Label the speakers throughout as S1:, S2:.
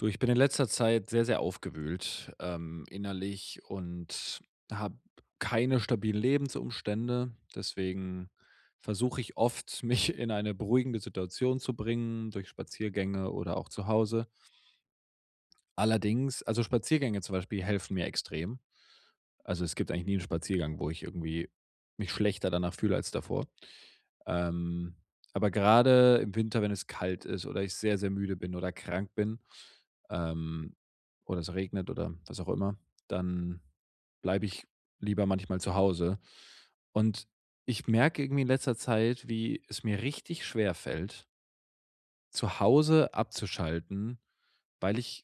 S1: Du, ich bin in letzter Zeit sehr sehr aufgewühlt, ähm, innerlich und habe keine stabilen Lebensumstände. Deswegen versuche ich oft, mich in eine beruhigende Situation zu bringen, durch Spaziergänge oder auch zu Hause. Allerdings also Spaziergänge zum Beispiel helfen mir extrem. Also, es gibt eigentlich nie 'n Spaziergang, wo ich irgendwie mich schlechter danach fühle als davor. Ähm, aber gerade im Winter, wenn es kalt ist oder ich sehr sehr müde bin oder krank bin, ähm, oder es regnet oder was auch immer, dann bleibe ich lieber manchmal zu Hause. Und ich merke irgendwie in letzter Zeit, wie es mir richtig schwer fällt zu Hause abzuschalten, weil ich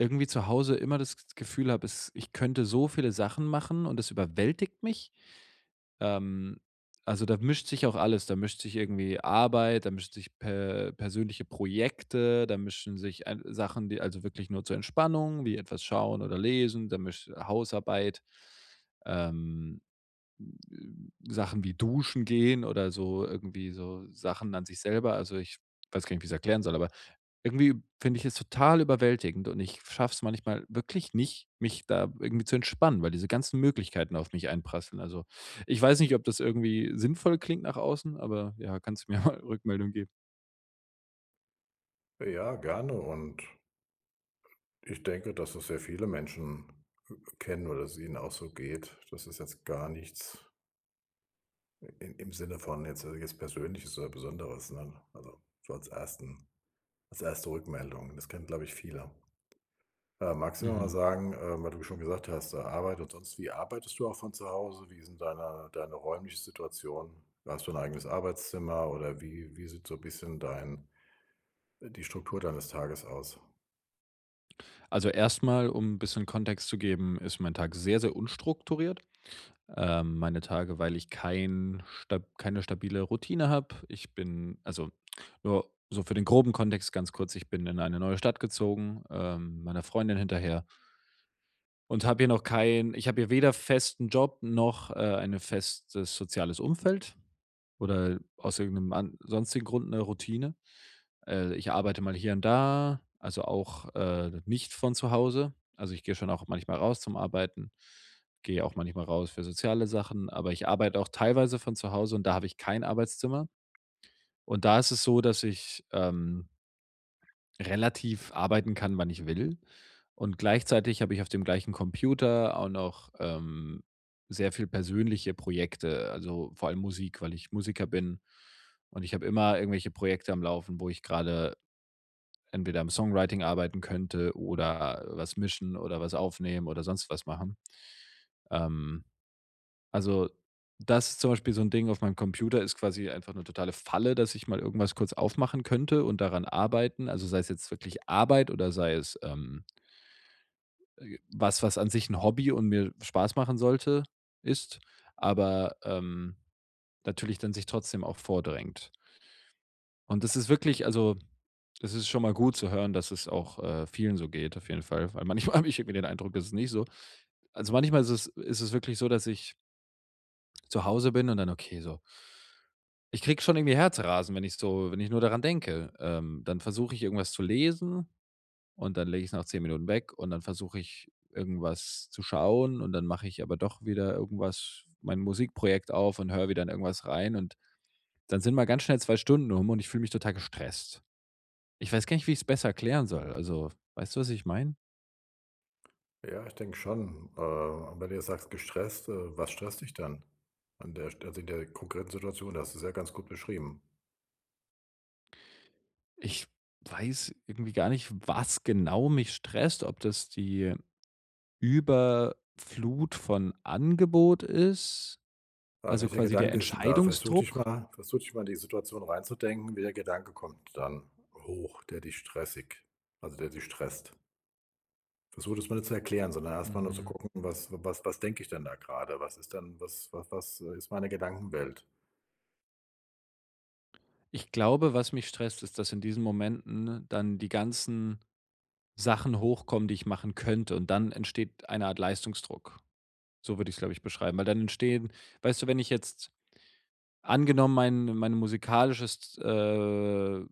S1: irgendwie zu Hause immer das G Gefühl habe, es ich könnte so viele Sachen machen, und es überwältigt mich. Ähm, also da mischt sich auch alles. Da mischt sich irgendwie Arbeit, da mischen sich per persönliche Projekte, da mischen sich ei Sachen, die also wirklich nur zur Entspannung, wie etwas schauen oder lesen, da misch Hausarbeit. Ähm, hm, äh, Sachen wie Duschen gehen oder so irgendwie so Sachen an sich selber, also ich weiß gar nicht, wie ich es erklären soll, aber irgendwie finde ich es total überwältigend, und ich schaffe es manchmal wirklich nicht, mich da irgendwie zu entspannen, weil diese ganzen Möglichkeiten auf mich einprasseln. Also, ich weiß nicht, ob das irgendwie sinnvoll klingt nach außen, aber ja, kannst mir mal Rückmeldung geben.
S2: Ja, gerne. Und ich denke, dass es sehr viele Menschen, äh, kennen oder dass es ihnen auch so geht. Das ist jetzt gar nichts i im im Sinne von jetzt äh, jetzt Persönliches oder Besonderes ne. Also so als 1., als 1. Rückmeldung. Das kennen, glaube ich, viele. Äh, magst du mir mal
S1: Mhm.
S2: sagen, äh, weil du schon gesagt hast, äh, Arbeit und sonst wie. Arbeitest du auch von zu Hause? Wie ist 'n deine deine räumliche Situation? Hast du ein eigenes Arbeitszimmer, oder wie wie sieht so bisschen dein die Struktur deines Tages aus?
S1: Also erstmal, um 'n bisschen Kontext zu geben, ist mein Tag sehr sehr unstrukturiert. Ähm, meine Tage, weil ich kein stab keine stabile Routine habe. Ich bin also nur so für den groben Kontext ganz kurz, ich bin in eine neue Stadt gezogen, ähm, meiner Freundin hinterher und habe hier noch kein ich habe hier weder festen Job noch, äh, eine festes soziales Umfeld oder aus irgendnem an sonstigen Grund ne Routine. Äh, ich arbeite mal hier und da, also auch, äh, nicht von zu Hause. Also, ich gehe schon auch manchmal raus zum Arbeiten, gehe auch manchmal raus für soziale Sachen, aber ich arbeite auch teilweise von zu Hause und da habe ich kein Arbeitszimmer. Und da ist es so, dass ich, ähm relativ arbeiten kann, wann ich will. Und gleichzeitig habe ich auf dem gleichen Computer auch noch, ähm, sehr viel persönliche Projekte, also vor allem Musik, weil ich Musiker bin und ich habe immer irgendwelche Projekte am Laufen, wo ich gerade entweder am Songwriting arbeiten könnte oder was mischen oder was aufnehmen oder sonst was machen. Ähm, also, das ist zum Beispiel so ein Ding auf meinem Computer ist quasi einfach 'ne totale Falle, dass ich mal irgendwas kurz aufmachen könnte und daran arbeiten. Also, sei es jetzt wirklich Arbeit oder sei es, ähm äh, was, was an sich 'n Hobby und mir Spaß machen sollte, ist, aber, ähm, natürlich dann sich trotzdem auch vordrängt. Und das ist wirklich also es ist schon mal gut zu hören, dass es auch, äh, vielen so geht auf jeden Fall. Weil manchmal habe ich irgendwie den Eindruck, es ist nicht so. Also manchmal ist es ist es wirklich so, dass ich zu Hause bin und dann okay, so ich kriege schon irgendwie Herzrasen, wenn ich so wenn ich nur daran denke, ähm, dann versuche ich irgendwas zu lesen und dann lege ich es nach 10 Minuten weg und dann versuche ich irgendwas zu schauen und dann mache ich aber doch wieder irgendwas mein Musikprojekt auf und höre wieder in irgendwas rein und dann sind mal ganz schnell 2 Stunden um und ich fühle mich total gestresst. Ich weiß gar nicht, wie ich's besser erklären soll. Also weißt du, was ich meine?
S2: Ja, ich denke schon. Äh, aber wenn du sagst „gestresst“, äh, was stresst dich dann an der also in der konkreten Situation? Du hast es ja ganz gut beschrieben.
S1: Ich weiß irgendwie gar nicht, was genau mich stresst. Ob das die Überflut von Angebot ist,
S2: Aber
S1: also
S2: welcher
S1: quasi der
S2: Gedanke ist denn da? Versuch dich
S1: Entscheidungsdruck.
S2: mal versuch dich mal in die Situation reinzudenken. Welcher Gedanke kommt dann hoch, der dich stressig also, der dich stresst? Versuch das mal nicht zu erklären, sondern erstmal nur zu
S1: Mhm.
S2: gucken, was w was was denke ich denn da grade? Was ist denn? Was wa was, äh, ist meine Gedankenwelt?
S1: Ich glaube, was mich stresst, ist, dass in diesen Momenten dann die ganzen Sachen hochkommen, die ich machen könnte. Und dann entsteht eine Art Leistungsdruck, so würde ich es, glaube ich, beschreiben. Weil dann entstehen weißt du, wenn ich jetzt angenommen, mein mein musikalisches, äh,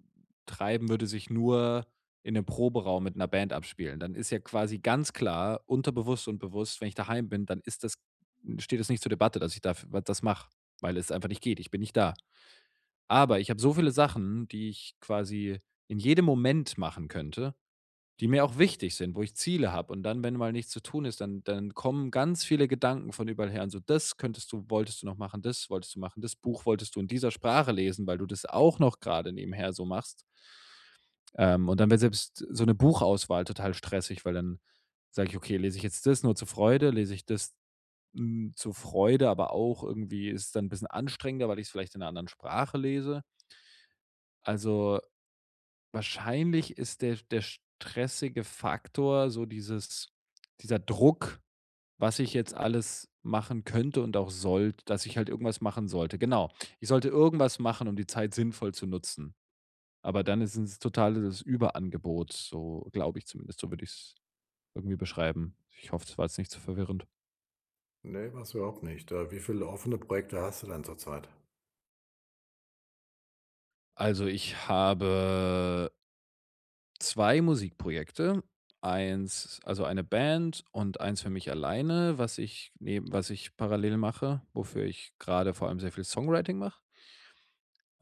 S1: Treiben würde sich nur in 'nem Proberaum mit 'ner Band abspielen, dann ist ja quasi ganz klar, unterbewusst und bewusst, wenn ich daheim bin, dann ist das steht das nicht zur Debatte, dass ich da f w das mache, weil es einfach nicht geht. Ich bin nicht da. Aber ich habe so viele Sachen, die ich quasi in jedem Moment machen könnte, die mir auch wichtig sind, wo ich Ziele habe. Und dann, wenn mal nichts zu tun ist, dann dann kommen ganz viele Gedanken von überall her und so: „Das könntest du wolltest du noch machen, das wolltest du machen. Das Buch wolltest du in dieser Sprache lesen, weil du das auch noch grade nebenher so machst.” Ähm, und dann wird selbst so 'ne Buchauswahl total stressig, weil dann sage ich: „Okay, lese ich jetzt das nur zur Freude, lese ich das n zur Freude." Aber auch irgendwie ist es dann 'n bisschen anstrengender, weil ich's vielleicht in 'ner anderen Sprache lese. Also, wahrscheinlich ist der sch der stressige Faktor, so dieses dieser Druck, was ich jetzt alles machen könnte und auch sollte, dass ich halt irgendwas machen sollte. Genau. Ich sollte irgendwas machen, um die Zeit sinnvoll zu nutzen. Aber dann ist es total das Überangebot, so glaube ich zumindest, so würde ich's irgendwie beschreiben. Ich hoffe, das war jetzt nicht so verwirrend.
S2: Ne, war's überhaupt nicht da, wie viele offene Projekte hast du denn zur Zeit?
S1: Also, ich habe 2 Musikprojekte, 1 also eine Band und 1 für mich alleine, was ich neben was ich parallel mache, wofür ich gerade vor allem sehr viel Songwriting mach.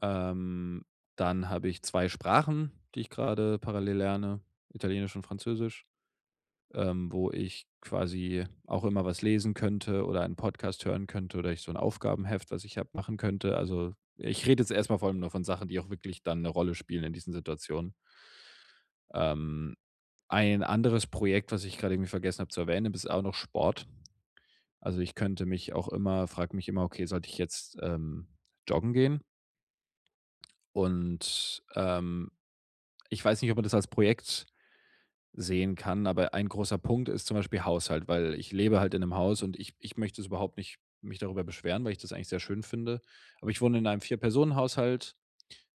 S1: Ähm, dann habe ich 2 Sprachen, die ich gerade parallel lerne, Italienisch und Französisch. Ähm, wo ich quasi auch immer was lesen könnte oder einen Podcast hören könnte oder ich so 'n Aufgabenheft, was ich habe, machen könnte. Also, ich rede jetzt erstmal von nur von Sachen, die auch wirklich dann 'ne Rolle spielen in diesen Situationen. Ähm, ein anderes Projekt, was ich gerade irgendwie vergessen habe zu erwähnen, das ist auch noch Sport. Also, ich könnte mich auch immer frage mich immer: „Okay, sollte ich jetzt ähm, joggen gehen?“ Und, ähm, ich weiß nicht, ob man das als Projekt sehen kann, aber ein großer Punkt ist zum Beispiel Haushalt, weil ich lebe halt in 'nem Haus und ich ich möchte das überhaupt nicht mich darüber beschweren, weil ich das eigentlich sehr schön finde. Aber ich wohne in einem Vierpersonen-Haushalt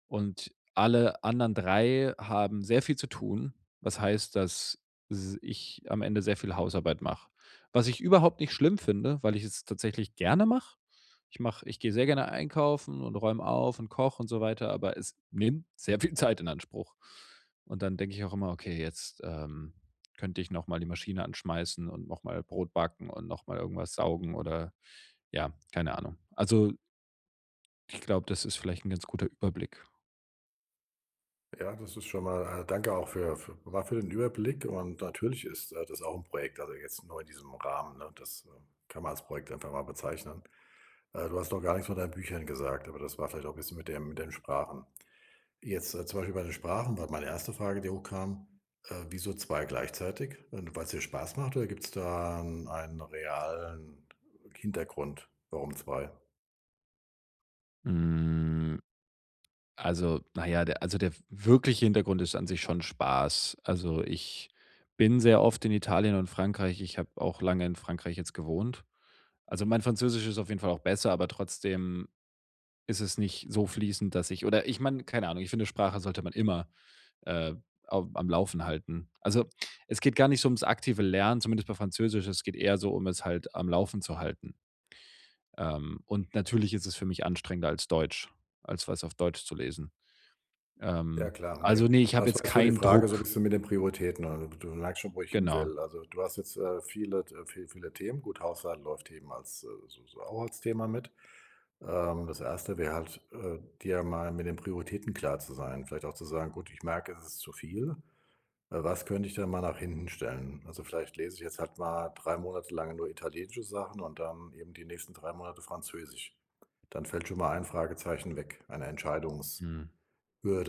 S1: und alle anderen 3 haben sehr viel zu tun, was heißt, dass s ich am Ende sehr viel Hausarbeit mache. Was ich überhaupt nicht schlimm finde, weil ich es tatsächlich gerne mache. Ich mache ich gehe sehr gerne einkaufen und räume auf und koche und so weiter, aber es nimmt sehr viel Zeit in Anspruch. Und dann denke ich auch immer: „Okay jetzt, ähm, könnte ich nochmal die Maschine anschmeißen und nochmal Brot backen und nochmal irgendwas saugen“ oder ja, keine Ahnung. Also ich glaube, das ist vielleicht 'n ganz guter Überblick.
S2: Ja, das ist schon mal äh, danke auch für f mal für den Überblick. Und natürlich ist, äh, das auch 'n Projekt, also jetzt nur in diesem Rahmen, ne? Das, äh, kann man als Projekt einfach mal bezeichnen. Äh, du hast noch gar nichts von deinen Büchern gesagt, aber das war vielleicht auch bisschen mit dem mit den Sprachen. Jetzt, äh, zum Beispiel bei den Sprachen war meine 1. Frage, die hochkam, äh, wieso zwei gleichzeitig? Ähm, weil's dir Spaß macht, oder gibt's da 'n einen realen Hintergrund? Warum zwei?
S1: Hm, also, na ja, der also, der w wirkliche Hintergrund ist an sich schon Spaß. Also ich bin sehr oft in Italien und Frankreich. Ich habe auch lange in Frankreich jetzt gewohnt. Also mein Französisch ist auf jeden Fall auch besser, aber trotzdem ist es nicht so fließend, dass ich oder ich meine, keine Ahnung, ich finde Sprache sollte man immer, äh, au am Laufen halten. Also es geht gar nicht so ums aktive Lernen, zumindest bei Französisch. Es geht eher so, um es halt am Laufen zu halten. Ähm, und natürlich ist es für mich anstrengender als Deutsch als was auf Deutsch zu lesen.
S2: Ja,
S1: Ähm,
S2: klar, ne.
S1: also ne, ich
S2: Aber,
S1: habe
S2: das war
S1: jetzt
S2: jetzt so die
S1: keinen
S2: Frage, so
S1: Druck.
S2: bisschen mit den Prioritäten, ne? Du merkst schon, wo ich
S1: Genau.
S2: hinwill. Also, du hast jetzt, äh, viele T äh, viel viele Themen. Gut, Haushalt läuft eben als, äh, so so auch als Thema mit. Ähm, das 1. wäre halt, äh, dir mal mit den Prioritäten klar zu sein. Vielleicht auch zu sagen: „Gut, ich merke, es ist zu viel. Äh, was könnte ich denn mal nach hinten stellen? Also, vielleicht lese ich jetzt halt mal 3 Monate lang nur italienische Sachen und dann eben die nächsten 3 Monate Französisch.“ Dann fällt schon mal ein Fragezeichen weg. Eine Entscheidungs-Hürde
S1: Hm.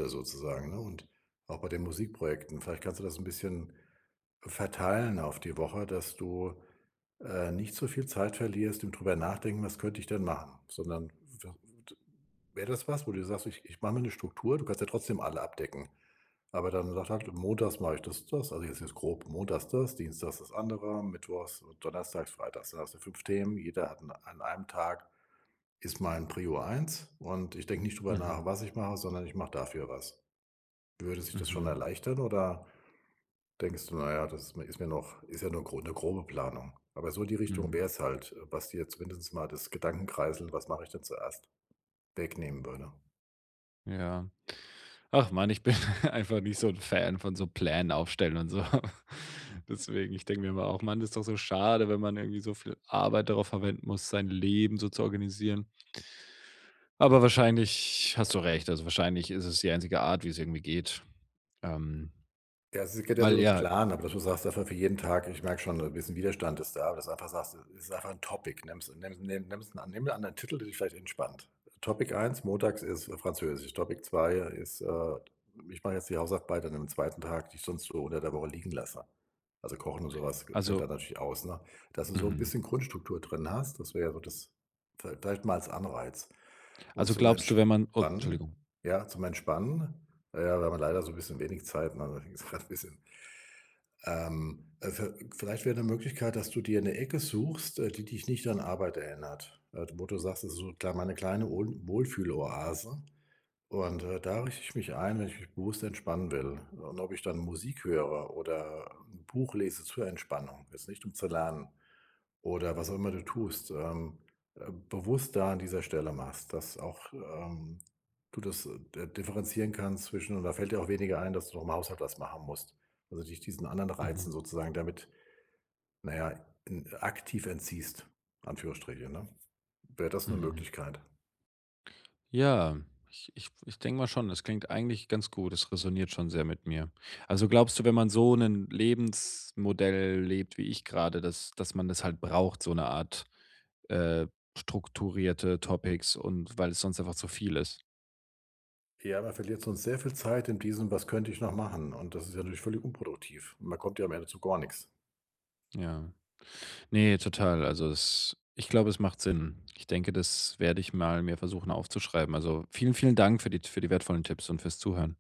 S2: sozusagen, ne? Und auch bei den Musikprojekten, vielleicht kannst du das 'n bisschen verteilen auf die Woche, dass du, äh, nicht zu viel Zeit verlierst, im drüber Nachdenken, was könnte ich denn machen. Sondern w t wäre das was, wo du sagst: „Ich ich mache mir 'ne Struktur.“, du kannst ja trotzdem alle abdecken. Aber dann sagt halt: „Montags mache ich das und das“, also jetzt jetzt grob montags das, dienstags das andere, mittwochs und donnerstags, freitags. Dann hast du 5 Themen. Jeder hat 'n an einem Tag, ist mein Prio 1, und ich denke nicht drüber nach,
S1: Mhm.
S2: was ich mache, sondern ich mache dafür was. Würde sich das schon
S1: Mhm.
S2: erleichtern, oder denkst du: „Na ja, das ist ist mir noch ist ja nur gro 'ne grobe Planung.“ Aber so in die Richtung
S1: Mhm.
S2: wäre es halt, äh, was dir zumindest mal das Gedankenkreiseln: „Was mache ich denn zuerst?“, wegnehmen würde.
S1: Ja. Ach, Mann, ich bin einfach nicht so 'n Fan von so Plänen aufstellen und so. Deswegen, ich denke mir immer auch: „Mann, ist doch so schade, wenn man irgendwie so viel Arbeit darauf verwenden muss, sein Leben so zu organisieren.” Aber wahrscheinlich hast du recht. Also wahrscheinlich ist es die einzige Art, wie es irgendwie geht. Ähm,
S2: Ja, es geht ja nur
S1: weil
S2: um 'nen
S1: ja
S2: Plan, aber, dass du sagst einfach für jeden Tag. Ich merke schon, da ist 'n Widerstand ist da, dass du einfach sagst, es ist einfach 'n Topic. Nimm's nimm's nimm nimm 'nen anderen Titel, der dich vielleicht entspannt. Topic 1 Montags ist Französisch. Topic 2 ist, äh, ich mache jetzt die Hausarbeit an 'nem 2. Tag, die ich sonst so unter der Woche liegen lasse. Also kochen und sowas fällt
S1: Also
S2: dann natürlich aus, ne? Dass du so 'n
S1: Mhm.
S2: bisschen Grundstruktur drin hast. Das wäre ja so das viel vielleicht mal als Anreiz. Und
S1: Also
S2: zum
S1: glaubst du, wenn man, oh,
S2: Entspannen
S1: Entschuldigung
S2: ja, zum Entspannen, ja, weil, wenn man leider so 'n bisschen wenig Zeit [unintelligible] ist halt bisschen ähm, äh, viel vielleicht wäre 'ne Möglichkeit, dass du dir 'ne Ecke suchst, äh, die dich nicht an Arbeit erinnert, äh, d wo du sagst: „Das ist so kl meine kleine Wohl Wohlfühloase, und, äh, da richte ich mich ein, wenn ich mich bewusst entspannen will, und ob ich dann Musik höre oder 'n Buch lese zur Entspannung, ist nicht, um zu lernen.” Oder was auch immer du tust, ähm, äh, bewusst da an dieser Stelle machst. Dass auch, ähm, du das, äh, d differenzieren kannst zwischen und da fällt dir auch weniger ein, dass du noch im Haushalt was machen musst. Also, dich diesen anderen Reizen
S1: Mhm.
S2: sozusagen, damit, na ja, en aktiv entziehst. Anführungsstriche, ne? Wäre das 'ne
S1: Mhm.
S2: Möglichkeit?
S1: Ja, ich ich ich denke mal schon, das klingt eigentlich ganz gut. Es räsoniert schon sehr mit mir. Also glaubst du, wenn man so 'nen Lebensmodell lebt, wie ich gerade, dass dass man das halt braucht, so 'ne Art, äh, strukturierte Topics und weil es sonst einfach zu viel ist?
S2: Ja, man verliert sonst sehr viel Zeit in diesem: Was könnte ich noch machen? Und das ist natürlich völlig unproduktiv. Man kommt ja am Ende zu gar nix.
S1: Ja. Ne, total. Also es ich glaube, es macht Sinn. Ich denke, das werde ich mal mir versuchen aufzuschreiben. Also, vielen, vielen Dank für die T für die wertvollen Tipps und fürs Zuhören.